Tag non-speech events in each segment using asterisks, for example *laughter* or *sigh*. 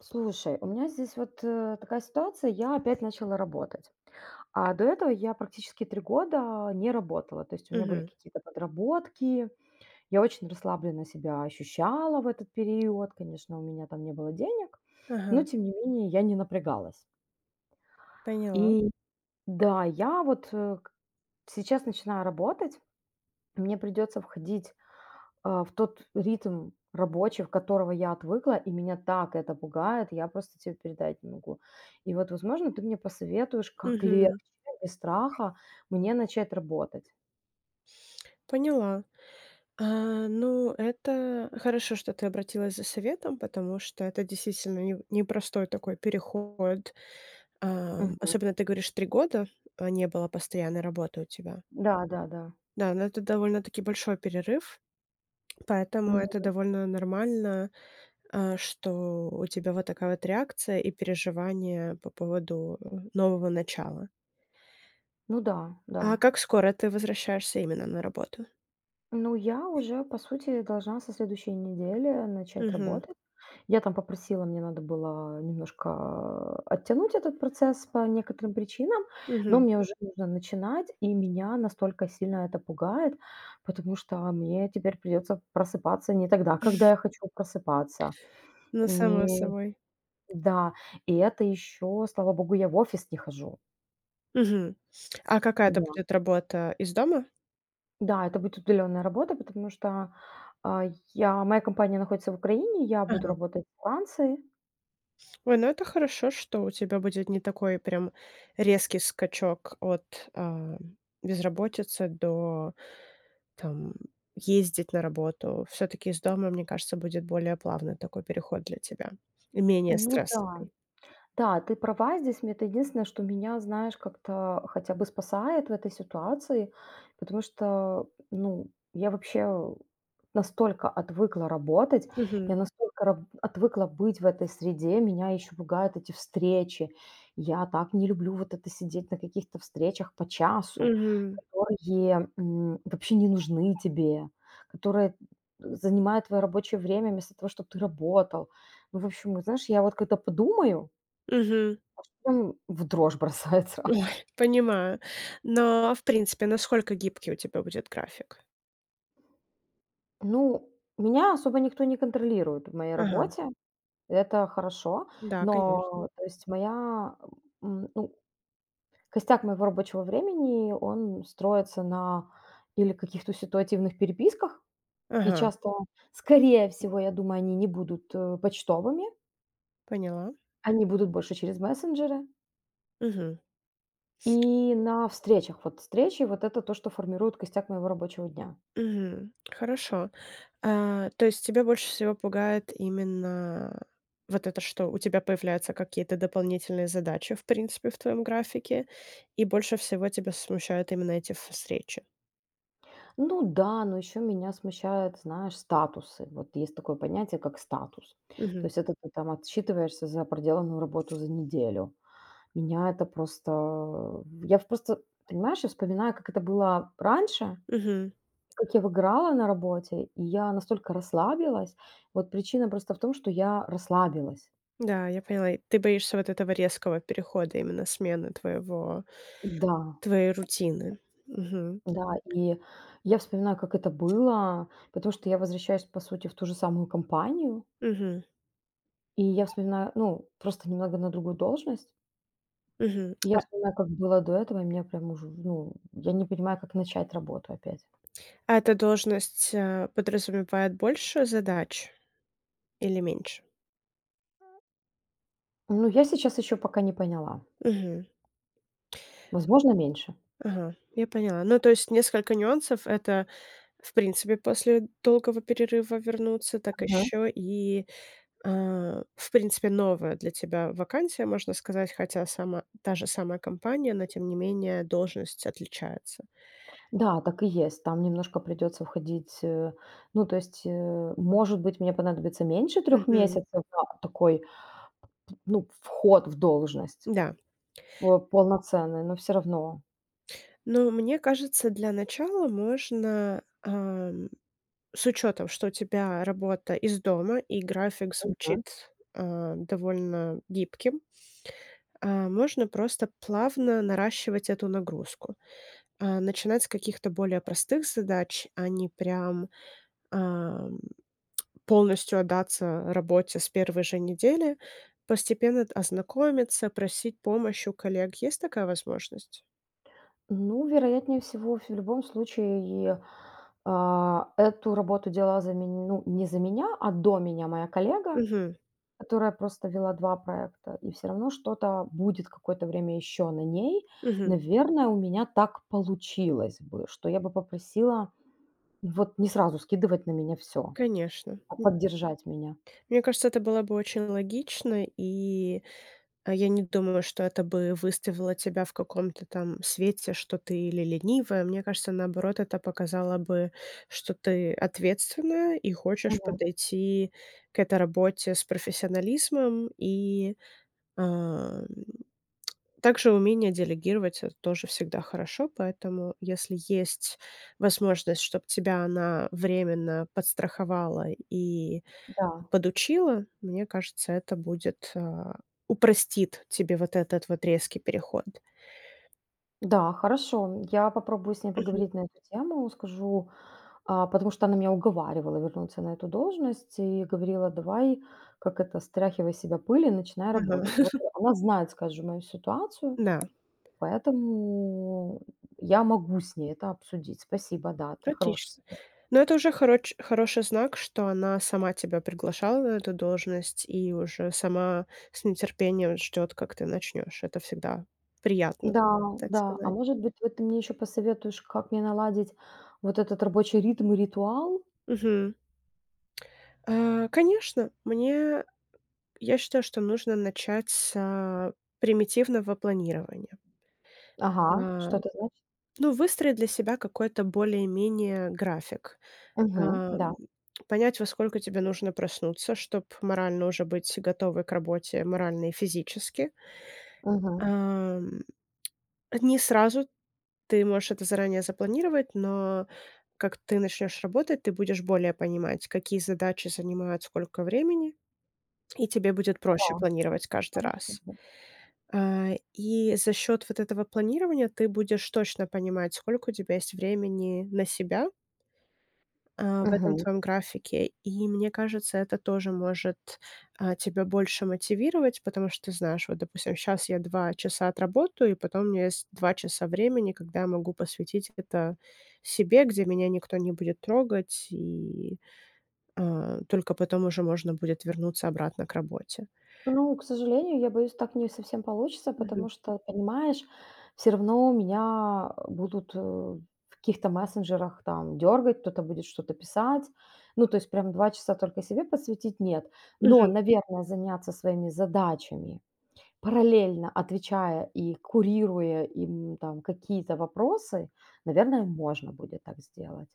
Слушай, у меня здесь вот, э, такая ситуация. Я опять начала работать, а до этого я практически 3 года не работала. То есть у меня были Мгм. какие-то подработки, я очень расслабленно себя ощущала в этот период. Конечно, у меня там не было денег, но, Ага. тем не менее, я не напрягалась. Поняла. И да, я вот, э, сейчас начинаю работать. Мне придется входить, а, в тот ритм рабочий, от которого я отвыкла, и меня так это пугает. Я просто те передать не могу. И вот, возможно, ты мне посоветуешь, как легче, Мгм. да, без страха мне начать работать. Поняла. А, ну, это хорошо, что ты обратилась за советом, потому что это действительно неу непростой такой переход. Ам, Мгм. особенно ты говоришь, 3 года, э, не было постоянной работы у тебя. Да да да. Да, ну, это довольно-таки большой перерыв, поэтому Мгм. это довольно нормально, а, что у тебя вот такая вот реакция и переживания по поводу нового начала. Ну да, А да. как скоро ты возвращаешься именно на работу? Ну, я уже, по сути, должна со следующей недели начать Мгм. работать. Я там попросила, мне надо было немножко, а, оттянуть этот процесс по некоторым причинам, но Мгм. мне уже нужно начинать. И меня настолько сильно это пугает, потому что мне теперь придется просыпаться не тогда, когда *chuckles* я хочу просыпаться. Ну, само Не собой. Да. И это еще, слава богу, я в офис не хожу. Мгм. А какая это Да. будет работа, из дома? Да, это будет удаленная работа, потому что, а, я моя компания находится в Украине, я буду Ага. работать во Франции. Ой, ну это хорошо, что у тебя будет не такой прям резкий скачок от, ам, безработицы до, там ездить на работу. Всё-таки из дома, мне кажется, будет более плавный такой переход для тебя и менее Ну да. стрессовый. Да, ты права здесь. Мне это единственное, что меня, знаешь, как-то хотя бы спасает в этой ситуации. Потому что, ну, я вообще, э, настолько отвыкла работать, Мгм. я настолько раб отвыкла быть в этой среде. Меня еще пугают эти встречи. Я так не люблю вот это сидеть на каких-то встречах по часу, Мгм. которые, м, вообще не нужны тебе, которые занимают твое рабочее время вместо того, чтобы ты работал. Ну, в общем, вот знаешь, я вот когда подумаю Мгм. В дрожь бросает сразу. Ой! Понимаю. Но, в принципе, насколько гибкий у тебя будет график? Ну, меня особо никто не контролирует в моей Ага. работе. Это хорошо. Да, конечно. Но, то есть моя, ам, м, ну Костяк моего рабочего времени, он строится на или каких-то ситуативных переписках, и Ага. часто, скорее всего, я думаю, они не будут, э, почтовыми Поняла. Они будут больше через мессенджеры. Мгм. И на встречах. Вот встречи. Вот это то, что формирует костяк моего рабочего дня. Мгм, хорошо. А, то есть тебя больше всего пугает именно вот это, что? У тебя появляются какие-то дополнительные задачи, в принципе, в твоём графике, и больше всего тебя смущают именно эти ф встречи. Ну да. Но еще меня смущают, знаешь, статусы. Вот есть такое понятие, как статус. То Мгм. есть это ты там отчитываешься за проделанную работу за неделю. Меня это просто Я в просто, понимаешь, я вспоминаю, как это было раньше. Мгм. Как я выгорала на работе, и я настолько расслабилась. Вот причина просто в том, что я расслабилась. Да, я поняла, и ты боишься вот этого резкого перехода, именно смены твоего Н-да. твоей рутины. Мгм. Да. И я вспоминаю, как это было, потому что я возвращаюсь, по сути, в ту же самую компанию Мгм. И я вспоминаю ну, просто немного на другую должность. Мгм. И я А вспоминаю, как было до этого, и меня прям уже, в ну, я не понимаю, как начать работу опять. А эта должность, э, подразумевает больше задач или меньше? Ну, я сейчас еще пока не поняла. Мгм. Возможно, меньше. Ага, я поняла. Ну, то есть несколько нюансов- это, в принципе, после долгого перерыва вернуться, так Мгм. ещё и, а, в принципе, новая для тебя вакансия, можно сказать, хотя сама та же самая компания, но, тем не менее, должность отличается. Да, так и есть. Там немножко придется входить, э Ну, то есть, э, может быть, мне понадобится меньше 3 Мгм. месяцев на такой, ну, вход в должность Да. вот полноценный, но всё равно. Ну, мне кажется, для начала можно, эм, с учётом, что у тебя работа из дома и график Мгм. звучит, э, довольно гибким. А, можно просто плавно наращивать эту нагрузку, а, начинать с каких-то более простых задач. А не прям, ам, полностью отдаться работе с 1 же недели, постепенно т ознакомиться, просить помощь у коллег. Есть такая возможность? Ну, вероятнее всего ф в любом случае, а. Эту работу делала за мень ну, не за меня, а до меня моя коллега, Мгм. которая просто вела 2 проекта, и всё равно что-то будет какое-то время еще на ней. Мгм. Наверное, у меня так получилось бы, что я бы попросила вот не сразу скидывать на меня всё, Конечно, а м. поддержать меня. Мне кажется, это было бы очень логично, и, а, я не думаю, что это бы выставило тебя в каком-то там свете, что ты или ленивая, мне кажется, наоборот, это показало бы, что ты ответственная и хочешь Мгм. подойти к этой работе с профессионализмом и, ам Также умение делегировать- это тоже всегда хорошо. Поэтому если есть возможность, чтоб тебя она временно подстраховала и Да. подучила, мне кажется, это будет, а, упростит тебе вот этот вот резкий переход. Да, хорошо, м. Я попробую с ней Мгм. поговорить на эту тему. Скажу, а потому что она меня уговаривала вернуться на эту должность и говорила: "Давай, как это, стряхивай с себя пыль и начинай Мгм. работать". Вот, э, *laughs* она знает, скажем, мою ситуацию, Да. поэтому, м, я могу с ней это обсудить. Спасибо, да, это хороший Отлично. совет. Но это уже хороч хороший знак, что она сама тебя приглашала на эту должность и уже сама с нетерпением ждёт, как ты начнёшь. Это всегда приятно, Да. так Да. А сказать. может быть, вот ты мне еще посоветуешь, как мне наладить вот этот рабочий ритм и ритуал? Мгм. Э, конечно, мне, э, я считаю, что нужно начать с, э, примитивного планирования. Ага. Ам. Что это значит? Ну, выстроить для себя какой-то более-менее график, Мгм, эм. да. Понять, во сколько тебе нужно проснуться, чтоб морально уже быть готовой к работе морально и физически. Мгм. Ам, а не сразу. Ты можешь это заранее запланировать, но как ты начнёшь работать, ты будешь более понимать, какие задачи занимают сколько времени. И тебе будет Да, проще планировать каждый хорошо раз. в Э, и за счёт вот этого планирования ты будешь точно понимать, сколько у тебя есть времени на себя э, в этом Мгм. твоём графике. И мне кажется, это тоже может, э, тебя больше мотивировать, потому что ты знаешь: "Вот, допустим, щас я 2 часа отработаю, и потом у меня есть 2 часа времени, когда я могу посвятить это себе. Где меня никто не будет трогать, и, э, только потом уже можно будет вернуться обратно к работе". Ну, к сожалению, я боюсь, так не совсем получится, Мгм. потому что, понимаешь, всё равно меня, а, будут, э, в каких-то мессенджерах, там, дергать, кто-то будет что-то писать. Ну, то есть прям 2 часа только себе посвятить- нет. Но, Мгм. наверное, заняться своими задачами, параллельно отвечая и курируя им, там, какие-то вопросы, наверное, можно будет так сделать.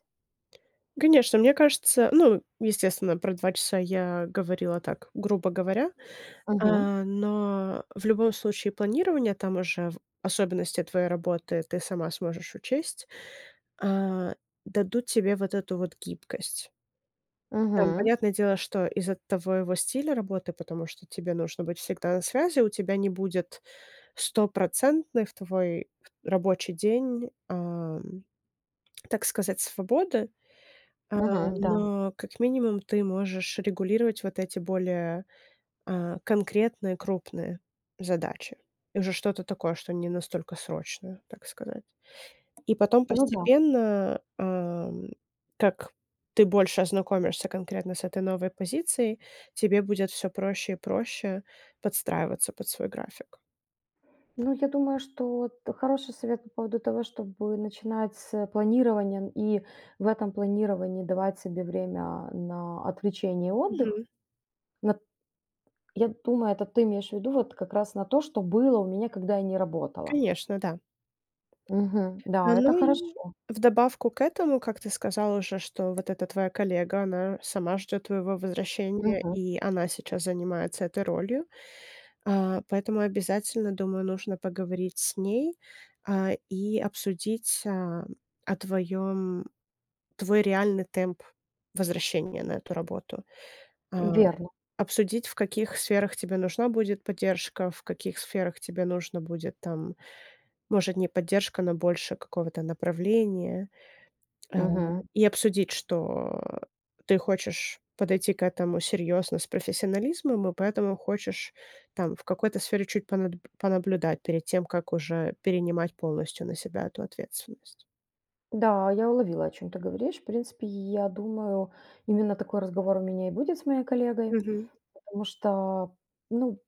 Конечно, мне кажется ну, естественно, про 2 часа я говорила так, грубо говоря. Мгм. Э, но в любом случае планирование, там уже в особенности от твоей работы ты сама сможешь учесть, а, дадут тебе вот эту вот гибкость. Там, Мгм. понятное дело, что из-за твоего стиля работы, потому что тебе нужно быть всегда на связи, у тебя не будет стопроцентной в твой рабочий день, ам, так сказать, свободы. Э, Мгм, да. но как минимум ты можешь регулировать вот эти более, э, конкретные крупные задачи. Уже что-то такое, что не настолько срочное, так сказать. И потом Ну да. постепенно, ам, как ты больше ознакомишься конкретно с этой новой позицией, тебе будет всё проще и проще подстраиваться под свой график. Ну, я думаю, что вот хороший совет по поводу того, чтобы начинать с планирования и в этом планировании давать себе время на отвлечение и отдых. Мгм. Нап я думаю, это ты имеешь в виду вот как раз на то, что было у меня, когда я не работала. Конечно, да. Мгм. Да, это Ну и хорошо. в добавку к этому, как ты сказала уже, что вот эта твоя коллега, она сама ждёт твоего возвращения, Мгм. и она сейчас занимается этой ролью. А, поэтому обязательно, думаю, нужно поговорить с ней, а, и обсудить, э, о твоём твой реальный темп возвращения на эту работу. А, Верно. обсудить, в каких сферах тебе нужна будет поддержка, в каких сферах тебе нужно будет, там, может, не поддержка, но больше какого-то направления. Э, Мгм. и обсудить, что ты хочешь подойти к этому серьёзно, с профессионализмом и поэтому хочешь, там, в какой-то сфере чуть понаб понаблюдать перед тем, как уже перенимать полностью на себя эту ответственность. Да, я уловила, о чём ты говоришь. В принципе, я думаю, именно такой разговор у меня и будет с моей коллегой, Мгм. потому что, ну,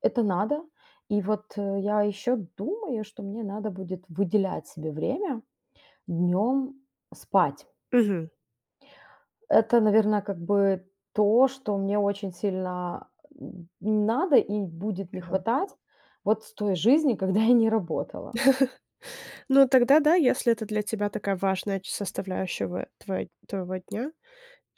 это надо. И вот я еще думаю, что мне надо будет выделять себе время днем спать. Мгм. Это, наверное, как бы то, что мне очень сильно, м, надо и будет не Ага. хватать вот с той жизни, когда я не работала. *chuckles* Ну, тогда да. Если это для тебя такая важная ч составляющего твой твоего дня,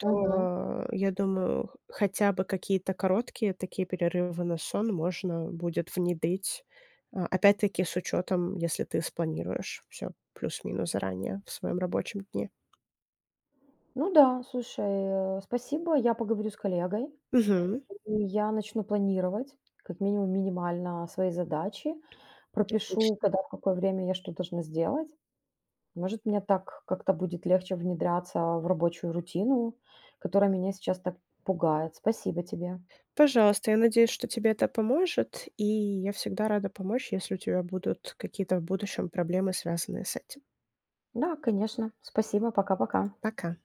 Мгм. я думаю, х хотя бы какие-то короткие такие перерывы на сон можно будет внедрить. А, опять-таки, с учётом, если ты спланируешь всё плюс минус заранее в своём рабочем дне. Ну да. Слушай, а, э, спасибо. Я поговорю с коллегой, Мгм. и я начну планировать как минимум минимально свои задачи. Пропишу, Отлично. когда, в какое время я что должна сделать. Может, мне так как-то будет легче внедряться в рабочую рутину, которая меня сейчас так пугает. Спасибо тебе. Пожалуйста. Я надеюсь, что тебе это поможет, и я всегда рада помочь, если у тебя будут какие-то в будущем проблемы, связанные с этим. Да, конечно. Спасибо. Пока, пока. Пока.